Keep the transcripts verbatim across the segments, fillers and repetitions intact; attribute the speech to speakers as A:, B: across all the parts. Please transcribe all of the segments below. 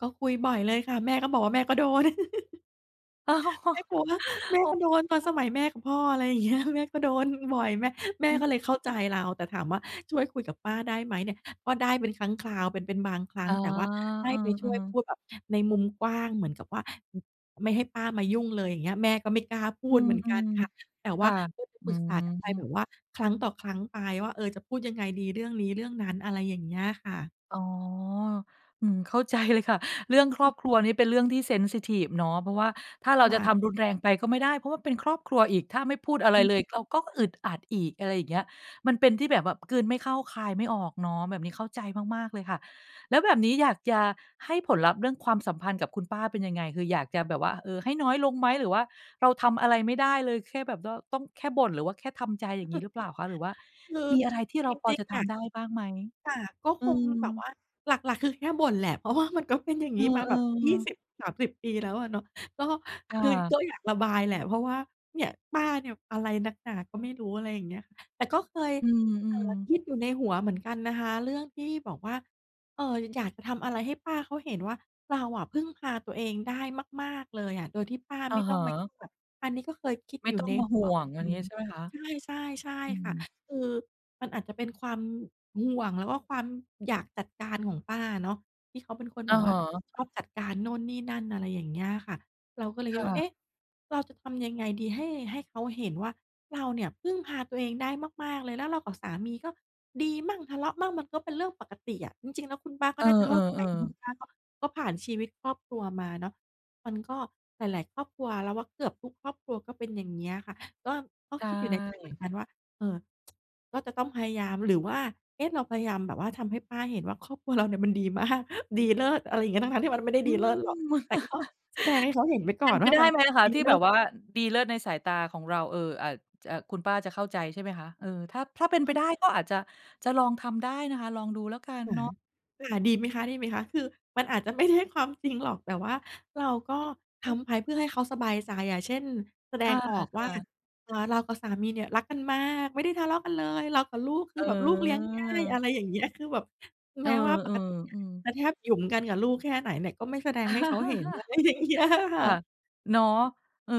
A: ก็คุยบ่อยเลยค่ะ แม่ก็บอกว่าแม่ก็โดน
B: อ๋อ
A: แม่กลัวว่า แม่
B: อ๋อ
A: ก็โดนตอนสมัยแม่กับพ่อ อะไรอย่าง เงี้ย แม่ก็โดนบ่อย แม่ แม
B: อ
A: ่
B: ือ
A: ก็เลยเข้าใ
B: ฮ
A: จ
B: ึ
A: เรา แต่ถามว่า ช่วยคุยกับป้าได้ไหมเนี่ย ก็ได้เป็นครั้งคราวเป็น เป็นบางครั
B: อ
A: ้
B: ๋
A: ง
B: อ
A: แต่ว่าให
B: เ
A: ้
B: อ
A: ไปช
B: อ
A: ่วยพ
B: ๆ
A: ูดแบบในมุมกว้างเหมือนกับว่า ไม่ให้ป้ามายุ่งเลย อย่างเงี้ย แม่ก็ไม่กล้าพู
B: อื
A: ดเหมือนกัน
B: ม
A: ค่ะ แต่
B: ๆ ค
A: ว่า
B: ่ะ
A: เคยไป
B: อื
A: ปรึกษากันไปแบ
B: ม
A: บว่า ครั้งต่อครั้งไปว่า เออ จะพูดยังไงดีเรื่องนี้เรื่องนั้น อะไรอย่างเงี้ยค่ะ
B: อ๋อ อืม เข้า ใจ เลยค่ะ เรื่องครอบครัวนี่เป็นเรื่องที่ เซนซิทิฟ เนาะ เพราะว่า ถ้าเรา
A: ว่
B: จะ
A: า
B: ทำรุนแรงไปก็ไม่ได้ เพราะว่าเป็นครอบครัวอีก ถ้าไม่พูดอะไ
A: อ
B: ร
A: ือ
B: เล
A: ฮ
B: ย
A: ึ
B: เราก็อึดอัดอีก อะไรอย่างเงี้ย มันเป็นที่แบบว่ากลืนไม่เข้าคายไม่ออกเนาะ แบบนี้เข้าใจมาก ๆ เลยค่ะ แล้วแบบนี้อยากจะให้ผลลัพธ์ เรื่องความสัมพันธ์กับคุณป้าเป็นยังไง? คืออยากจะแบบว่า เอ่อ ให้น้อยลงไหม หรือว่าเราทำอะไรไม่ได้เลย แค่แบด้อ ต้อง แค่บ่น หรือว่าแค่ทำใจ อย่างงี้หรือเปล่าคะ? หรือว่า
A: คือ
B: มีอะไรที่เร
A: จ
B: าพอ
A: ริ
B: จ
A: ง
B: ะท
A: ๆ อะ
B: ำได้บ้างไหม?
A: ค่ะ ก็
B: อื
A: คงแบบ
B: ม
A: ว่าหลัก ๆ คือแค่บ่นแหละ เพราะว่า มันก็เป็นอย่า
B: เ
A: ง
B: อ
A: น
B: อ
A: ี้มาแบบ ยี่
B: ๆ
A: สิบสามสิบ ปีแล้วอะเนาะ ก็
B: ค่
A: คือ
B: ะ
A: ก็อยากระบายแหละ เพราะว่าเนี่ย ป้าเนี่ย อะไรนักหนาก็ไม่รู้ อะไรอย่างเงี้ย แต่ก็เคย
B: อื
A: เอ่อ
B: ม ๆ
A: คิดอยู่ในหัวเหมือนกันนะคะ เรื่องที่บอกว่า เอ่อ อยากจะทำอะไรให้ป้าเขาเห็นว่า เราอะพึ่งพาตัวเองได้มาก ๆ เลยอะ โดยที่ป้า
B: อ
A: ไ
B: ะ
A: ม่
B: ฮ
A: ต้องมา
B: ะ
A: แบบอันนี้ก็เคยคิด
B: ไม่
A: อยู
B: ต
A: ่
B: ้อ
A: ใ
B: ง
A: น
B: มา
A: ห
B: ห
A: ั
B: ่
A: ว
B: ว
A: เหม
B: ง
A: ือน
B: อย่
A: กั
B: าง
A: น
B: งี้ใช่ไหมคะ?
A: ใช่ ๆ ใช่
B: อื
A: ค่ะ
B: ม
A: คือมันอาจจะเป็นความห่วง แล้วก็ความอยากจัดการของป้าอะเนาะ ที่เขาเป็นคน
B: อ
A: แบ
B: ะ
A: บว
B: ฮ
A: ่า
B: ะ
A: ชอบจัดการโน่นนี่นั่น อะไรอย่างเงี้ยอะค่ะ เราก็เลย
B: ค
A: คิ
B: ่
A: ดว่า เอ
B: ะ
A: ๊ะ เราจะทำยังไงดีให้ ให้เขาเห็นว่า เราเนี่ย พึ่งพาตัวเองได้มาก ๆ เลย แล้วเรากับสามี ก็ดีมั่งทะเลาะมั่ง มันก็เป็นเรื่องปกติอะ จริง ๆ แล้วคุณป้าก
B: เ
A: ็
B: ออ
A: น่าจะเข้าใจ เพราะคุณ
B: ๆ ๆ
A: ป้าก็ ก็ผ่านชีวิตครอบครัวมาเนาะ มันก็หลาย ๆ ครอบครัว เราว่าเกือบทุกครอบครัวก็เป็น อย่างเงี้ยค่ะ ก็ ก็
B: ใช
A: คิดอยู่ในใจเหมือน
B: ่
A: กันว่า เออ ก็จะต้องพยายาม หรือว่า เอ๊ะ เราพยายามแบบว่าทำให้ป้าเห็นว่า ครอบครัวเราเนี่ย มันดี มาก ดีเลิศ อะไรอย่างเงี้ย ทั้ง ๆ ที่มันก็ไม่ได้
B: อื
A: ดีเลิศหรอก
B: ม
A: แต่ก็แสดงให้เขาเห็นไว้ก
B: เป
A: ่อ
B: ็น
A: น
B: ไป
A: ว่า
B: ได
A: มั
B: ้
A: น
B: ไหมอะคะ
A: ดี
B: ที่
A: เล
B: แ
A: ิ
B: บ
A: ศ
B: บว่าดีเลิศในสายตาของเรา เอ่อ อาจจะคุณป้าจะเข้าใจ ใช่ไหมคะ เออ ถ้า ถ้าเป็นไปได้ก็อาจจะ จะลองทำได้นะคะ ลองดูแล้วกัน
A: ค่ะ
B: เนาะ
A: ค่ะ ดีไหมคะ ดีไหมคะ คือมันอาจจะไม่ใช่ความจริงหรอก แต่ว่าเราก็ทำไปเพื่อให้เขาสบายใจอะ เช่น แสด
B: ค่ะ
A: งออก
B: ค
A: ว่า
B: ่ะ
A: อ่า เรากับสามีเนี่ย รักกันมาก ไม่ได้ทะเลาะกันเลย เรากับลูก คื
B: เ
A: อแบบลูกเลี้ยงง่าย อ
B: อ
A: ะ
B: อ
A: ไรอย่างเงี้ย คือแบบ
B: เ
A: แ
B: อ
A: ม
B: อ
A: ้ว่าปกติเนี
B: ๆ
A: ่
B: อื
A: ย
B: ม
A: จะแทบหยุมกันกับลูกแค่ไหนเนี่ย ก็ไม่แสดงให้เขาเห็น อะไรอย่างเงี้ย ค่
B: ค
A: ะ
B: ่ะ เนาะ เออ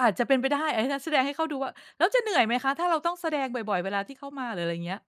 B: อาจจะเป็นไปได้ อา งั้นแสดงให้เขาดูว่า แล้วจะเหนื่อยไหมคะ? ถ้าเราต้องแสดงบ่อย ๆ เวลาที่เขามา หรืออะไรเงี้ย